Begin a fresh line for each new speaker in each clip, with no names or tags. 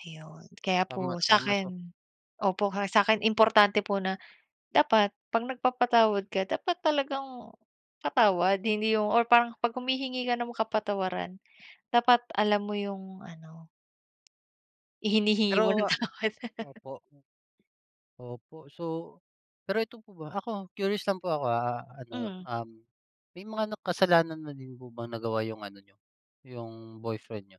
Ayun. Kaya
Tama,
po
tama. So
sa'kin opo, sa'kin importante po na dapat pag nagpapatawad ka dapat talagang patawad, hindi yung or parang 'pag humihingi ka ng kapatawaran dapat alam mo yung ano ihinihingi mo ng
Pero
tawad.
opo, m opo. So pero 'eto po ba, ako curious lang po ako, ah, ano,
Mm.
um, may mga na kasalanan na din po ba nagawa yung ano niyo, yung boyfriend niyo?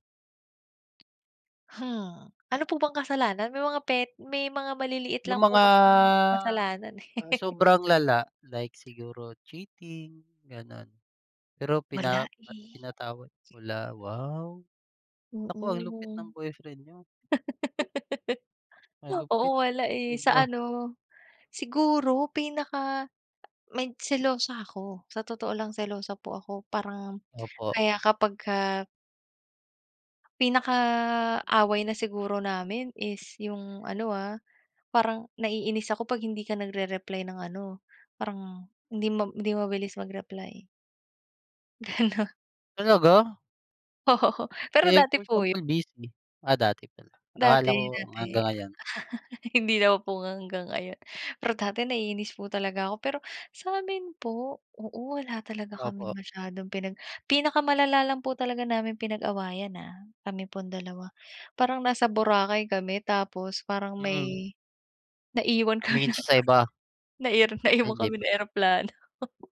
Hmm. Ano po bang kasalanan? May mga pet may mga maliliit
Yung
lang po
mga
kasing kasalanan, eh.
sobrang lala like siguro cheating, gano'n. Pero
Wala,
pina
eh.
pinatawad wala, wow! Naku, ang lupit ng
Mm.
boyfriend niyo. Malupit,
Oo, wala eh. Sa
sobra.
ano, siguro pinaka may selosa ako. Sa otoo lang selosa po ako parang
Opo.
kaya kapagka pinaka away na siguro namin is yung ano, ah, parang naiinis ako 'pag hindi ka nagre-reply ng ano, parang hindi ma hindi mabilis mag-reply. Gano'n.
Talaga?
Oo. Pero
Eh,
dati
for
po 'yon.
example, busy? Ah, dati pala. Akala
Dati,
ko
dati.
hanggang ngayon.
Hindi na po hanggang ngayon. Pero dati naiinis po talaga ako, pero sa'min po oo, wala talaga kaming
Opo.
masyadong pinag pinakamalala lang po talaga naming pinag-awayan, ah, kami pong 2. Parang nasa Boracay kami tapos parang
Mm.
may naiwan kami
Tumingin siya sa iba.
ng erop
Ay
naiwan
hindi
kami
pala.
ng eroplano.